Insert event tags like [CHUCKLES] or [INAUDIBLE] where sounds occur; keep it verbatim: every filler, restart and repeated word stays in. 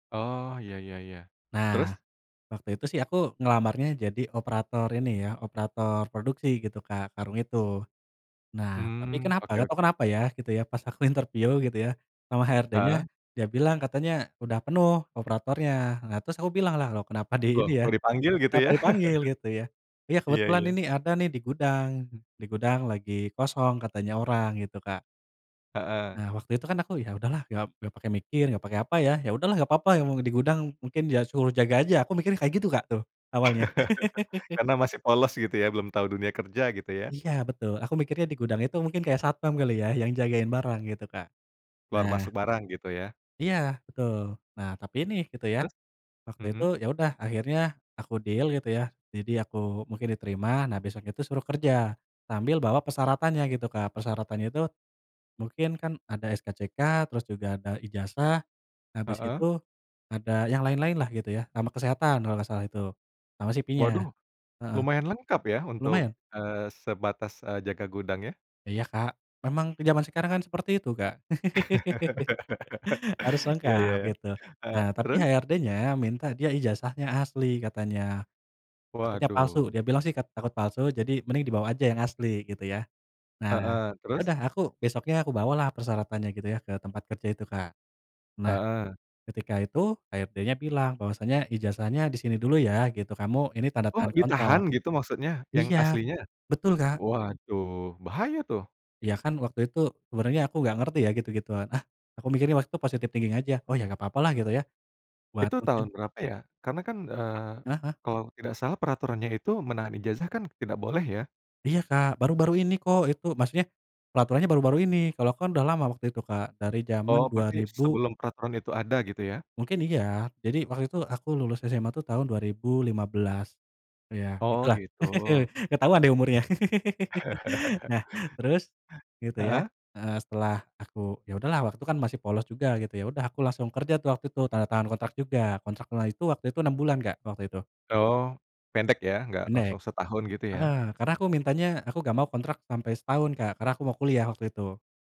Oh, iya iya iya, Nah, terus? waktu itu sih aku ngelamarnya jadi operator ini ya, operator produksi gitu, Kak, karung itu. Nah, tapi Mmm, kenapa oke gak tahu oke. kenapa ya, gitu ya, pas aku interview gitu ya, sama HRD-nya, Heeh. dia bilang katanya, "Udah penuh operatornya." Nah, terus aku bilanglah, "Loh, kenapa di Loh, ini ya, kok dipanggil gitu kenapa ya? dipanggil?" Gitu ya. [CHUCKLES] "Ya, Iya kebetulan iya. ini ada nih di gudang. Di gudang lagi kosong," katanya orang, gitu, Kak. Heeh. Nah, waktu itu kan aku, "Ya udahlah." Gak gak pakai mikir gak pakai apa ya. "Ya udahlah gak apa-apa, yang mau di gudang. Mungkin ya suruh jaga aja," aku mikirnya kayak gitu, Kak, tuh awalnya. [LAUGHS] [LAUGHS] Karena masih polos gitu ya? Belum tahu dunia kerja gitu ya? Iya betul. Aku mikirnya di gudang itu mungkin kayak satpam kali ya yang jagain barang gitu, Kak. Keluar masuk Nah barang gitu ya? Iya betul. Nah, tapi ini gitu ya, Terus? waktu itu Mhm. ya udah akhirnya aku deal gitu ya, jadi aku mungkin diterima. Nah, besok itu suruh kerja, sambil bawa persyaratannya gitu, Kak. Persyaratannya itu, mungkin kan ada SKCK, terus juga ada ijazah, habis Heeh. itu, ada yang lain-lainlah gitu ya sama kesehatan kalau gak salah itu, sama CV-nya. Waduh, Heeh. lumayan lengkap ya untuk, Lumayan. eee, sebatas, eee, jaga gudang ya? Iya, Kak. Memang ke zaman sekarang kan seperti itu, Kak, [LAUGHS] [LAUGHS] harus Iya iya lengkap iya, gitu. heeh, Nah, tapi terus? HRD-nya minta dia ijazahnya asli katanya, takutnya palsu, Waduh. dia bilang sih kat takut palsu jadi mending dibawa aja yang asli gitu ya. Nah, Heeh, ya terus? udah aku besoknya aku bawalah persyaratannya gitu ya ke tempat kerja itu, Kak. Nah, Heeh. ketika itu HRD-nya bilang bahwasanya, "Ijazahnya di sini dulu ya," gitu, "kamu ini tanda Oh, tangan ditahan kontrak." gitu maksudnya yang Iya, aslinya? betul, Kak. Waduh, bahaya tuh! Iya, kan waktu itu sebenernya aku gak ngerti ya gitu-gituan, ah, aku mikirnya waktu itu positive thinking aja, "Oh, ya gak apa-apalah gitu ya, buat Itu mungkin" tahun berapa ya? Karena kan, eee, Heeh heeh. kalau tidak salah peraturannya itu menahan ijazah kan tidak boleh ya? Iya, Kak, baru-baru ini kok itu maksudnya, peraturannya baru-baru ini. Kalau aku kan udah lama waktu itu, Kak, dari zaman Oh, dua berarti ribu sebelum peraturan itu ada, gitu ya? Mungkin iya. Jadi waktu itu aku lulus SMA tuh tahun dua ribu lima belas, ya Oh, gitulah. gitu. [LAUGHS] Ketahuan deh umurnya. [LAUGHS] [EXHALES] [CHUCKLES] Nah, terus gitu ya, Heeh. heeh. Setelah aku ya udahlah waktu itu kan masih polos juga gitu, ya udah aku langsung kerja tuh waktu itu, tanda tangan kontrak juga, kontraknya itu waktu itu enam bulan, Kak, waktu itu. Oh, pendek ya? Nggak langsung Pendek. setahun gitu ya? Heeh, karena aku mintanya aku gak mau kontrak sampai setahun, Kak, karena aku mau kuliah waktu itu.